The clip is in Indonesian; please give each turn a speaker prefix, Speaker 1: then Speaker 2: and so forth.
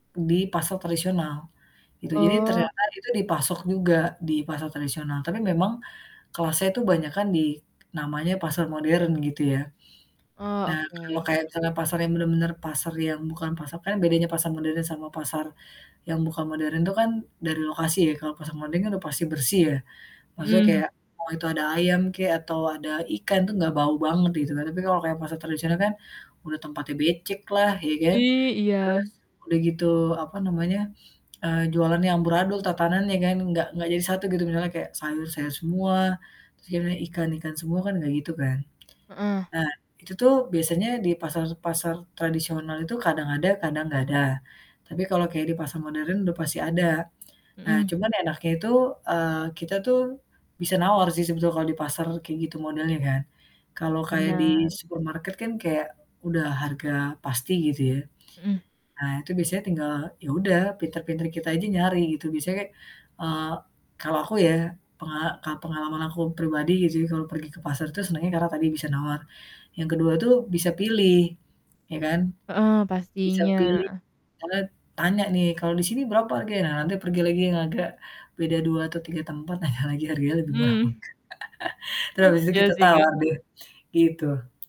Speaker 1: Di pasar tradisional gitu. Jadi
Speaker 2: Oh.
Speaker 1: ternyata itu dipasok juga di pasar tradisional, tapi memang kelasnya itu banyakan di namanya pasar modern gitu ya.
Speaker 2: Oh,
Speaker 1: Nah kalau
Speaker 2: oke.
Speaker 1: kayak misalkan pasar yang bener-bener pasar yang bukan pasar kan bedanya pasar modern sama pasar yang bukan modern tuh kan dari lokasi ya. Kalau pasar modern kan udah pasti bersih ya, maksudnya
Speaker 2: Mhm.
Speaker 1: kayak mau itu ada ayam kek atau ada ikan tuh gak bau banget gitu kan, tapi kalau kayak pasar tradisional kan udah tempatnya beceklah, iya kan?
Speaker 2: I
Speaker 1: Terus
Speaker 2: iya.
Speaker 1: udah gitu, apa namanya, eee, jualannya amburadul, tatananya kan enggak enggak jadi satu gitu. Misalnya kayak sayur, sayur semua, terus yang ikan, ikan semua, kan enggak gitu kan?
Speaker 2: Heeh.
Speaker 1: Nah itu tuh biasanya di pasar-pasar tradisional itu kadang ada kadang enggak ada, tapi kalau kayak di pasar modern udah pasti ada. Nah
Speaker 2: Mhm.
Speaker 1: cuman enaknya itu, eee, kita tuh bisa nawar sih sebetulnya kalau di pasar kayak gitu modelnya kan. Kalau kayak di
Speaker 2: Benar.
Speaker 1: supermarket kan kayak udah harga pasti gitu ya,
Speaker 2: Mhm.
Speaker 1: ah, itu biasanya tinggal ya udah pinter-pinter kita aja nyari gitu. Biasanya kayak, eee, kalau aku ya pengala ka pengalaman aku pribadi gitu ya kalau pergi ke pasar tuh senangnya karena tadi bisa nawar, yang kedua tuh bisa pilih, iya kan?
Speaker 2: Heeh,
Speaker 1: Bisa pilih
Speaker 2: pastinya.
Speaker 1: kanad tanya nih, "Kalau di sini berapa harganya?" Nah nanti pergi lagi yang agak beda 2 atau 3 tempat tanya lagi harganya lebih murah apa
Speaker 2: Mhm.
Speaker 1: enggak. Terus habis itu
Speaker 2: Iya
Speaker 1: kita
Speaker 2: sih, Kak.
Speaker 1: tawar deh, gitu.